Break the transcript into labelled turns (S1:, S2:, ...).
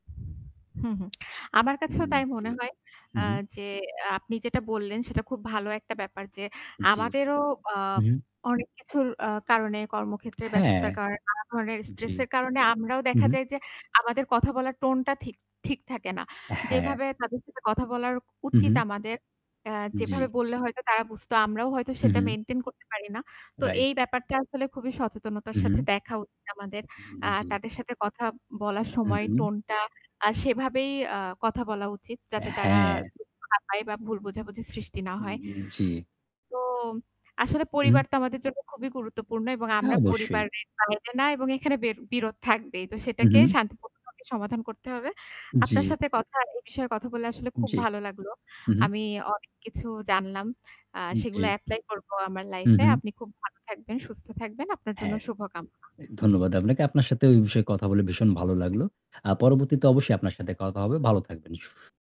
S1: হুম, হুম। আমার
S2: হু,
S1: কাছেও তাই
S2: জি,
S1: মনে হয়, আ
S2: হুম।
S1: যে, আ আপনি যেটা বললেন সেটা খুব ভালো একটা ব্যাপার যে
S2: জী।
S1: আমাদেরও আ
S2: হু, হু।
S1: অনেক কিছুর আ কারণে কর্মক্ষেত্রে
S2: হ্যাঁ।
S1: ব্যস্ততার কারণে নানা ধরনের
S2: জী।
S1: স্ট্রেস এর কারণে আমরাও
S2: হু,
S1: দেখা
S2: হু।
S1: যায় যে আমাদের কথা বলার টোন টা ঠিক ঠিক থাকে না।
S2: হ্যাঁ।
S1: যেভাবে তাদের সাথে কথা বলা উচিত
S2: হু।
S1: আমাদের আ যেভাবে
S2: জী।
S1: বললে হয়তো তারা বুঝতো আমরাও হয়তো সেটা
S2: হুম।
S1: মেইনটেইন করতে পারি না। তো
S2: রাইট।
S1: এই ব্যাপারটা আসলে খুবই সচেতনতার
S2: হুম,
S1: সাথে দেখা উচিত আমাদের। আ
S2: জি।
S1: তাদের সাথে কথা বলার
S2: হুম,
S1: সময়
S2: হুম।
S1: টোন টা আ সেভাবেই আ কথা বলা উচিত যাতে তারা
S2: হ্যাঁ।
S1: দুঃখ না পায় বা ভুল বোঝাবুঝি সৃষ্টি না হয়।
S2: উম জী।
S1: তো আসলে
S2: হু।
S1: পরিবার তো আমাদের জন্য খুবই গুরুত্বপূর্ণ এবং
S2: হ্যাঁ
S1: আমরা
S2: অবশ্যই।
S1: পরিবারের বাইরে না এবং এখানে বির বিরোধ থাকবেই। তো
S2: হু,
S1: সেটাকে
S2: হু।
S1: শান্তিপূর্ণভাবে সমাধান করতে হবে। আপনার
S2: জী।
S1: সাথে কথা এই বিষয়ে কথা বললে আসলে খুব
S2: জী।
S1: ভালো লাগলো।
S2: হু, হু।
S1: আমি অনেক কিছু জানলাম। আ সেগুলো
S2: জী।
S1: এপ্লাই করবো আমার
S2: হু,
S1: লাইফ এ।
S2: হু।
S1: আপনি খুব ভালো থাকবেন, সুস্থ থাকবেন, আপনার জন্য
S2: হ্যাঁ।
S1: শুভকামনা।
S2: ধন্যবাদ আপনাকে। আপনার সাথে এই বিষয়ে কথা বলে ভীষণ ভালো লাগলো। আ পরবর্তীতে অবশ্যই আপনার সাথে কথা হবে। ভালো থাকবেন। সু